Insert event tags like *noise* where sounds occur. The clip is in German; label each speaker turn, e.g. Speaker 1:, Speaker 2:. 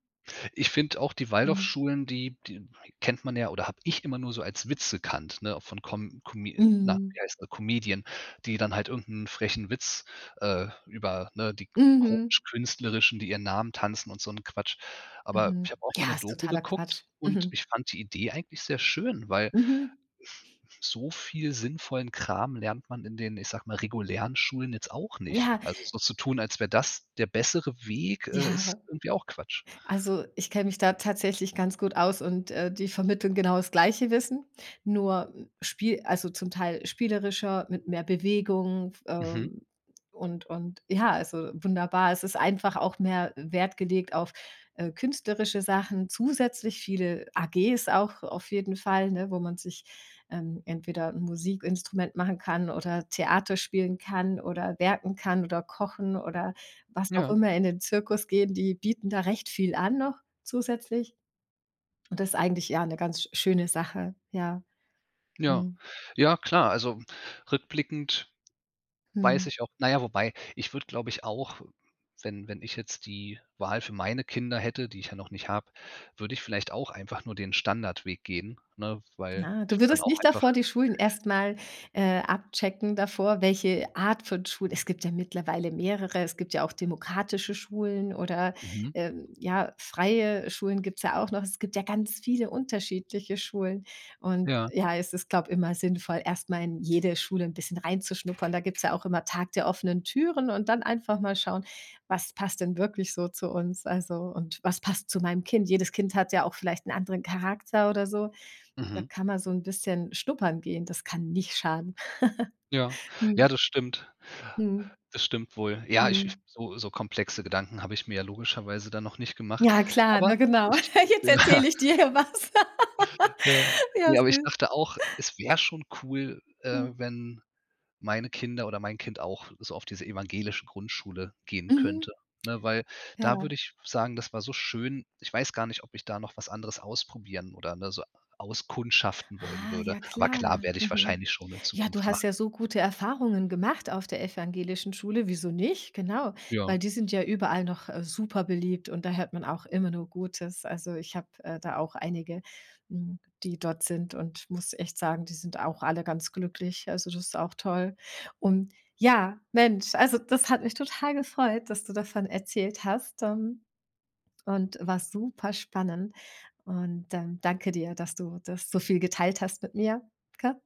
Speaker 1: Ich finde auch die
Speaker 2: Mhm.
Speaker 1: Waldorfschulen, die die kennt man ja oder habe ich immer nur so als Witz gekannt, ne, von Com Come na,
Speaker 2: Mhm.
Speaker 1: wie heißen sie Comedian, die dann halt irgend 'n frechen Witz, äh, über, ne, die
Speaker 2: Mhm.
Speaker 1: kutsch künstlerischen, die ihren Namen tanzen und so 'n Quatsch. Aber
Speaker 2: Mhm.
Speaker 1: ich habe auch mal
Speaker 2: Ja,
Speaker 1: 'ne
Speaker 2: ist
Speaker 1: Doku
Speaker 2: totaler
Speaker 1: geguckt
Speaker 2: Quatsch.
Speaker 1: und
Speaker 2: Mhm.
Speaker 1: ich fand die Idee eigentlich sehr schön, weil
Speaker 2: Mhm.
Speaker 1: so viel sinnvollen Kram lernt man in den- ich sage mal- regulären Schulen jetzt auch nicht.
Speaker 2: Ja.
Speaker 1: Also, so zu tun, als wäre das der bessere Weg,
Speaker 2: Ja,
Speaker 1: äh, ist
Speaker 2: aber
Speaker 1: irgendwie auch Quatsch.
Speaker 2: Also, ich kenne mich da tatsächlich ganz gut aus und, äh, die vermitteln genau das gleiche Wissen, nur, hm, spie also, zum Teil spielerischer mit mehr Bewegung f
Speaker 1: Mhm.
Speaker 2: ähm, und und ja, also wunderbar. Es ist einfach auch mehr Wert gelegt auf, äh, künstlerische Sachen zusätzlich viele AGs auch auf jeden Fall, ne, wo man sich, ähm, entweder 'n Musikinstrument machen kann oder Theater spielen kann oder werken kann oder kochen oder was auch
Speaker 1: Ja.
Speaker 2: immer, in den Zirkus gehen, die bieten da recht viel an noch zusätzlich. Und das ist eigentlich ja 'ne ganz sch schöne Sache, ja.
Speaker 1: Ja,
Speaker 2: Mhm.
Speaker 1: ja klar, also, hm, rückblickend weiß
Speaker 2: Mhm.
Speaker 1: ich auch na ja, wobei, ich würde, glaube ich, auch, wenn wenn ich jetzt die Wahl für meine Kinder hätte- die ich ja noch nicht habe- würde ich vielleicht auch einfach nur den Standardweg gehen, ne, weil
Speaker 2: Na,
Speaker 1: ich
Speaker 2: du
Speaker 1: würde dann
Speaker 2: würdest
Speaker 1: auch
Speaker 2: nicht
Speaker 1: einfach
Speaker 2: davor die Schulen erst mal, äh, abchecken davor, welche Art von Schule es gibt ja mittlerweile mehrere. Es gibt ja auch demokratische Schulen oder,
Speaker 1: Mhm.
Speaker 2: ähm, ja, freie Schulen gibt's ja auch noch. Es gibt ja ganz viele unterschiedliche Schulen. Und
Speaker 1: Ja.
Speaker 2: ja, es ist, glaube immer sinnvoll, erst mal in jede Schule 'n bisschen reinzuschnuppern. Da gibt's ja auch immer Tag der offenen Türen und dann einfach mal schauen: „Was passt denn wirklich so zu uns?“ Also, und „Was passt zu meinem Kind?“ Jedes Kind hat ja auch vielleicht 'n anderen Charakter oder so. Da
Speaker 1: Mhm.
Speaker 2: kann man so 'n bisschen schnuppern gehen. Das kann nicht schaden.
Speaker 1: Ja,
Speaker 2: *giggles*
Speaker 1: ja
Speaker 2: Mhm.
Speaker 1: das stimmt,
Speaker 2: Mhm.
Speaker 1: das stimmt wohl. Ja, ich ich
Speaker 2: Mhm.
Speaker 1: so so komplexe Gedanken habe ich mir ja logischerweise dann noch nicht gemacht.
Speaker 2: Ja, klar,
Speaker 1: Aber
Speaker 2: ne, genau.
Speaker 1: ich
Speaker 2: *chuckles* Jetzt
Speaker 1: Ja.
Speaker 2: erzähle ich dir hier was. *laughs*
Speaker 1: Ja.
Speaker 2: Ja,
Speaker 1: Ne, aber ich
Speaker 2: süß.
Speaker 1: dachte auch, es wäre schon cool, äh,
Speaker 2: Mhm.
Speaker 1: wenn meine Kinder oder mein Kind auch so auf diese evangelische Grundschule gehen könnte,
Speaker 2: Mhm.
Speaker 1: ne, weil da
Speaker 2: Ja.
Speaker 1: würde ich sagen, das war so schön. Ich weiß gar nicht, ob ich da noch was anderes ausprobieren oder ne, so auskundschaften wollen
Speaker 2: Ah.
Speaker 1: würde,
Speaker 2: Ja,
Speaker 1: aber
Speaker 2: klar.
Speaker 1: klar werde ich
Speaker 2: Mhm.
Speaker 1: wahrscheinlich schon in
Speaker 2: Ja, du
Speaker 1: Zukunft
Speaker 2: hast
Speaker 1: machen.
Speaker 2: ja so gute Erfahrungen gemacht auf der evangelischen Schule. Wieso nicht? Genau, weil
Speaker 1: Ja.
Speaker 2: die sind ja überall noch, äh, super beliebt und da hört man auch immer nur Gutes. Also, ich habe, äh, da auch einige, mhm, die dort sind und muss echt sagen, die sind auch alle ganz glücklich. Also, das ist auch toll. Und ja, Mensch, also das hat mich total gefreut, dass du davon erzählt hast. Ähm, und war super spannend und, ähm, danke dir, dass du das so viel geteilt hast mit mir, gell?